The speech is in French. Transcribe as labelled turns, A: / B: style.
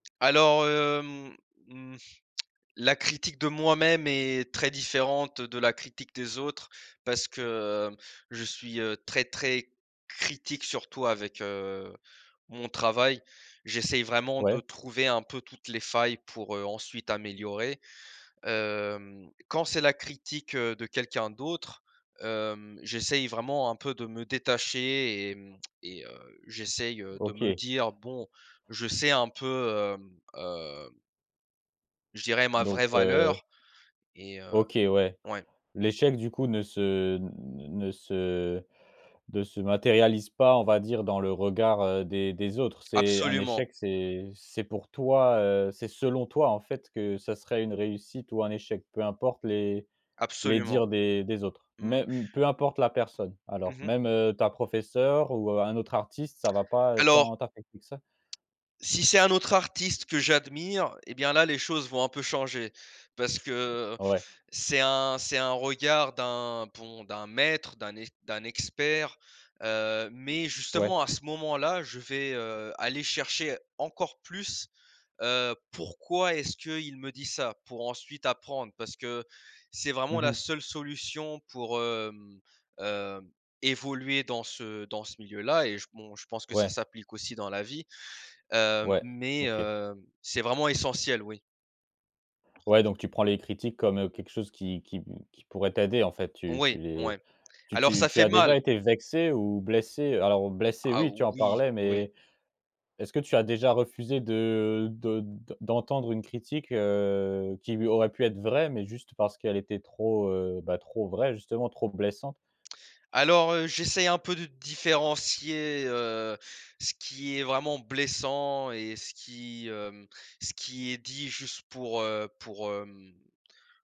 A: Alors, heu, mmh, mmh la critique de moi-même est très différente de la critique des autres parce que, heu, je suis, heu, très très critique surtout avec, heu, mon travail. J'essaye vraiment de
B: Ouais.
A: trouver un peu toutes les failles pour, heu, ensuite améliorer. Hem, quand c'est la critique, heu, de quelqu'un d'autre, hem, j'essaye vraiment un peu de me détacher et hmm et heu, j'essaye de me
B: OK.
A: dire: «Bon, je sais un peu, hem heu» je dirais ma
B: Donc,
A: vraie
B: heu
A: valeur et, heu
B: OK, ouais.
A: ouais.
B: L'échec du coup ne se, n n ne se ne se matérialise pas, on va dire, dans le regard, heu, des des autres? C'est un
A: Absolument.
B: échec, c'est, c'est pour toi, heu, c'est selon toi en fait que ce serait une réussite ou un échec, peu importe les les
A: Absolument.
B: dires des des autres?
A: Mmh.
B: Mêm peu importe la personne? Alors
A: Mmh mh.
B: même, heu, ta professeure ou un autre artiste, ça va pas, heu, tant
A: Alors
B: t'affecter que ça?
A: si c'est un autre artiste que j'admire, et bien là les choses vont un peu changer. Parce que
B: Ouais.
A: c'est un c'est un regard d'un bon, d'un maître, d'un ex d'un expert, heu, mais
B: Ouais.
A: justement à ce moment-là, je vais, heu, aller chercher encore plus, heu, pourquoi est-ce qu'il me dit ça, pour ensuite apprendre. Parce que c'est
B: Mmh
A: vraiment la
B: mh.
A: seule solution pour, hem hem, évoluer dans ce dans ce milieu-là, et je bon, je pense que ça
B: Ouais.
A: s'applique aussi dans la vie. Hem,
B: Ouais.
A: mais
B: OK.
A: heu, c'est vraiment essentiel, oui.
B: Ouais, donc tu prends les critiques comme, heu, quelque chose qui qui p qui pourrait t'aider en fait. Tu tu
A: Oui,
B: les,
A: ouais.
B: tu
A: Alors
B: tu
A: ça
B: tu
A: fait
B: as déjà
A: mal.
B: été vexé ou blessé? Alors, blessé
A: Ah
B: oui tu en
A: oui!
B: parlais,
A: Oui.
B: mais est-ce que tu as déjà refusé de de d d'entendre une critique, heu, qui, oui, aurait pu être vraie, mais juste parce qu'elle était trop, heu, bah trop vraie, justement, trop blessante?
A: Alors, heu, j'essaye un peu de différencier, heu, ce qui est vraiment blessant et ce qui, hem, ce qui est dit juste pour, heu, pour hem